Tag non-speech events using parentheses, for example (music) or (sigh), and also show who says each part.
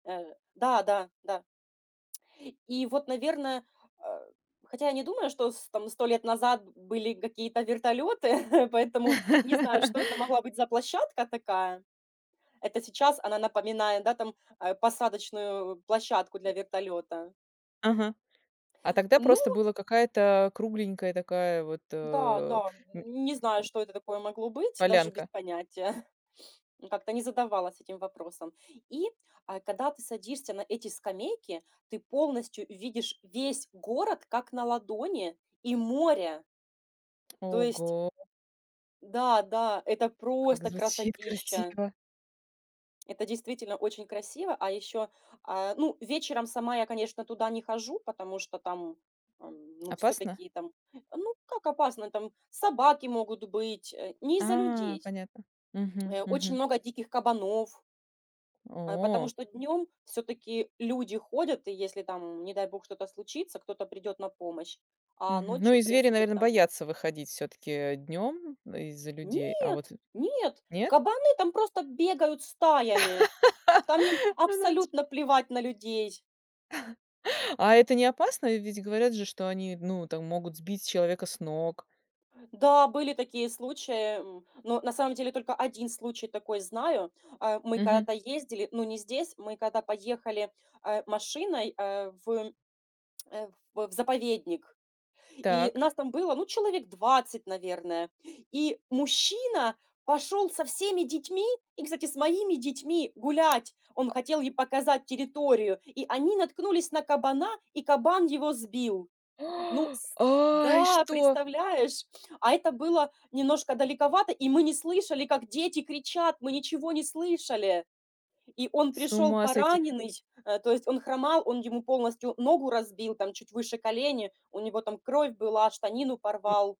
Speaker 1: Э, да, да, да. И вот, наверно, э, хотя я не думаю, что с там 100 лет назад были какие-то вертолеты, (chuckles) поэтому не знаю, что это
Speaker 2: (laughs)
Speaker 1: могла быть за площадка такая. Это сейчас она напоминает, да, там, э, посадочную площадку
Speaker 2: Э
Speaker 1: для вертолета.
Speaker 2: Ага, а тогда
Speaker 1: Ну
Speaker 2: просто была какая-то кругленькая такая вот,
Speaker 1: Да,
Speaker 2: э,
Speaker 1: да,
Speaker 2: мь
Speaker 1: м, не знаю, что это такое могло быть, даже без
Speaker 2: полянка.
Speaker 1: понятия. (chuckles) Ну, как-то не задавалась этим вопросом. И, э, когда ты садишься на эти скамейки, ты полностью видишь весь город, как на ладони. И море то есть
Speaker 2: Ого.
Speaker 1: Да, да. Это
Speaker 2: Как
Speaker 1: просто
Speaker 2: звучит
Speaker 1: красотища.
Speaker 2: красиво.
Speaker 1: Это действительно очень красиво, а еще, а, ну, вечером сама я, конечно, туда не хожу, потому что там, эм, ну,
Speaker 2: Опасно?
Speaker 1: всё-таки там, э, ну, как опасно, там собаки могут быть, э. Не из-за
Speaker 2: А,
Speaker 1: людей.
Speaker 2: понятно. Мгм,
Speaker 1: Э, очень
Speaker 2: мгм.
Speaker 1: много диких кабанов. Э, потому
Speaker 2: О.
Speaker 1: что днем всё-таки люди ходят, и если там, не дай бог, что-то случится, кто-то придет на помощь. А
Speaker 2: Мгм. Ну
Speaker 1: ночью,
Speaker 2: и
Speaker 1: в
Speaker 2: звери,
Speaker 1: принципе,
Speaker 2: наверно,
Speaker 1: там
Speaker 2: боятся выходить всё-таки, э, днем из-за людей, а вот
Speaker 1: Нет. Нет,
Speaker 2: нет?
Speaker 1: кабаны там просто бегают стаями. Там им
Speaker 2: (laughs) Ну, надо же.
Speaker 1: абсолютно плевать на людей.
Speaker 2: (chuckles) А это не опасно? Ведь говорят же, что они, ну, там могут сбить человека с ног.
Speaker 1: Да, были такие случаи, м, но, на самом деле, только 1 случай такой знаю. А, мы
Speaker 2: Мгм.
Speaker 1: когда-то ездили, ну, не здесь, мы когда поехали, э, машиной, э, в, э, в в заповедник. И
Speaker 2: Так.
Speaker 1: нас там было, ну, человек 20, наверное. И мужчина пошел со всеми детьми и, кстати, с моими детьми гулять. Он
Speaker 2: А
Speaker 1: хотел ей показать территорию, и они наткнулись на кабана и кабан его сбил. Ну,
Speaker 2: (gasps)
Speaker 1: с
Speaker 2: Ай,
Speaker 1: да,
Speaker 2: что?
Speaker 1: представляешь? А это было немножко далековато, и мы не слышали, как дети кричат. Мы ничего не слышали! И он
Speaker 2: С
Speaker 1: пришел
Speaker 2: ума сойти!
Speaker 1: пораненный, э, то есть он хромал, он ему полностью ногу разбил там чуть выше колени, у него там кровь была, штанину
Speaker 2: Н
Speaker 1: порвал.